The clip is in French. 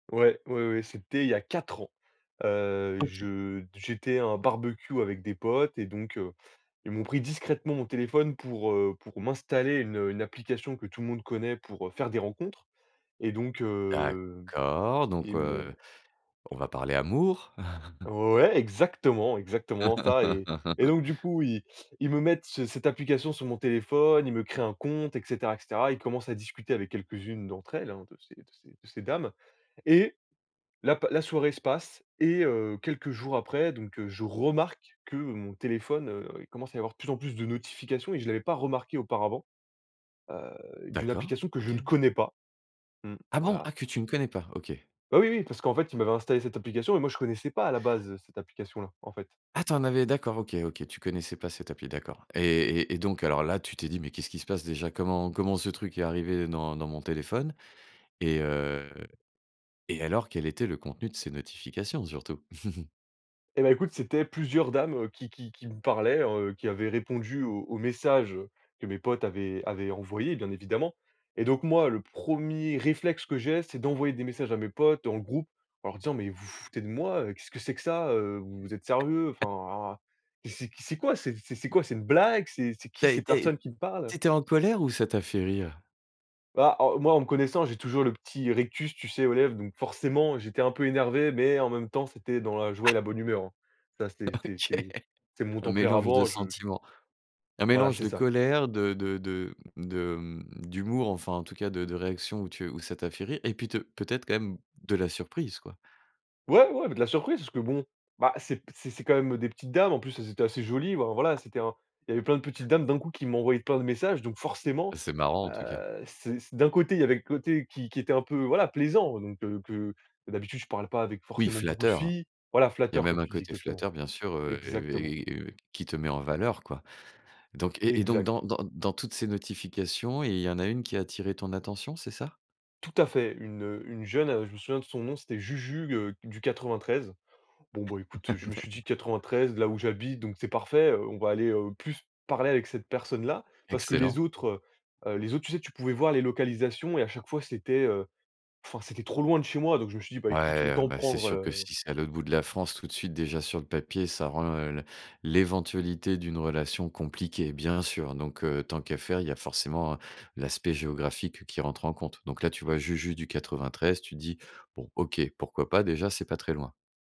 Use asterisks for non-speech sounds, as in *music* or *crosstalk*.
Ouais, ouais, ouais, c'était il y a 4 ans, heu, OK. je d j'étais à un barbecue avec des potes et donc heu, ils m'ont pris discrètement mon téléphone pour, heu, pour m'installer une une application que tout le monde connaît pour, heu, faire des rencontres et donc heu, D'accord, donc ils heu, m'ont on va parler amour. *chuckles* Ouais, exactement, exactement ça et et *laughs* donc du coup, ils ils me mettent ce cette application sur mon téléphone. Ils me créent un compte et cetera et cetera. Ils commencent à discuter avec quelques-unes d'entre elles, hein, de ces de ces de ces dames et la p la soirée se passe et heu, quelques jours après, donc heu, je remarque que mon téléphone, heu, il commence à y avoir de plus en plus de notifications et je l'avais pas remarqué auparavant, heu, d'une D'accord. application que je ne OK. connais pas. Mmh. Ah, bon? Voilà. Ah, que tu ne connais pas? OK. Bah, oui, oui, parce qu'en fait, ils m'avaient installé cette application et moi, je ne connaissais pas à la base, heu, cette application-là, en fait. Ah, tu en avais d'accord, OK, OK, tu connaissais pas cette appli, d'accord et et donc alors là, tu t'es dit: «Mais qu'est-ce qui se passe, déjà?», «Comment comment ce truc est arrivé dans dans mon téléphone?» et heu et alors quel était le contenu de ces notifications, surtout? *chuckles* Eh, bah, écoute, c'étaient plusieurs dames, heu, qui qui qui me parlaient, heu, qui avaient répondu aux aux messages, heu, que mes potes avaient avaient envoyés, bien évidemment et donc moi, le 1er réflexe que j'ai, c'est d'envoyer des messages à mes potes en groupe en leur disant: «Mais vous vous foutez de moi!», heu, «Qu'est-ce que c'est que ça?», heu, «Vous êtes sérieux?», enfin, *chuckles* ah, «C'est que c'est quoi, c'est c'est quoi?», «C'est une blague?», «C'est c'est qui Tu as ces été personnes qui me parlent?» tu étais en colère ou ça t'a fait rire? Bah, heu, moi, en me connaissant, j'ai toujours le petit rictus, tu sais, aux lèvres donc forcément, j'étais un peu énervé mais en même temps, c'était dans la joie Ah! et la bonne humeur, hein. Ça, c'était c'est OK. c'est c'est mon Un mélange de tempérament, je j sentiments. Un Voilà, mélange c'est de ça. colère, de de de m de mmh, d'humour, enfin, en tout cas, de de réactions où tu où ça t'a fait rire et puis te peut-être, quand même, de la surprise, quoi? Ouais, ouais mais de la surprise parce que bon, bah, c'est p c'est c'est, quand même, heu, des petites dames. En plus, elles étaient assez jolies, ben, voilà, c'était un il y avait plein de petites dames, d'un coup, qui m'envoyaient plein de messages donc forcément, Bah, c'est marrant, en tout cas! heu, c c d'un côté, il y avait le côté qui qui était un peu, voilà, plaisant donc que que, d'habitude, je parle pas avec, Oui, forcément, beaucoup de flatteur. filles voilà, Il y a flatteur, même comme un tu dis, côté exactement. flatteur, bien sûr, heu Exactement. et et et heu, qui te met en valeur, quoi, donc et et donc Exact. dans dans dans toutes ces notifications, il y en a une qui a attiré ton attention, c'est ça? Tout à fait, une, heu, une jeune, heu, je me souviens de son nom, c'était Juju, heu, du 93. Bon, bah, écoute, je *chuckles* me suis D'acc dit: «93, là où j'habite, donc c'est parfait, heu, on va aller, heu, plus parler avec cette personne-là» parce que les Excellent. autres, heu, les autres, tu sais, tu pouvais voir les localisations et à chaque fois, c'était, heu, enfin, c'était trop loin de chez moi donc je me suis dit: «Bah, écoute, Ouais, autant bah, c'est prendre, sûr que heu». si c'est à l'autre bout de la France, tout de suite, déjà, sur le papier, ça rend, heu, l l'éventualité d'une relation compliquée, bien sûr, donc heu, tant qu'à faire, il y a forcément, heu, l'aspect géographique qui rentre en compte, donc là, tu vois, Juju du 93,, tu te dis: «Bon, OK, pourquoi pas? Déjà, c'est pas très loin».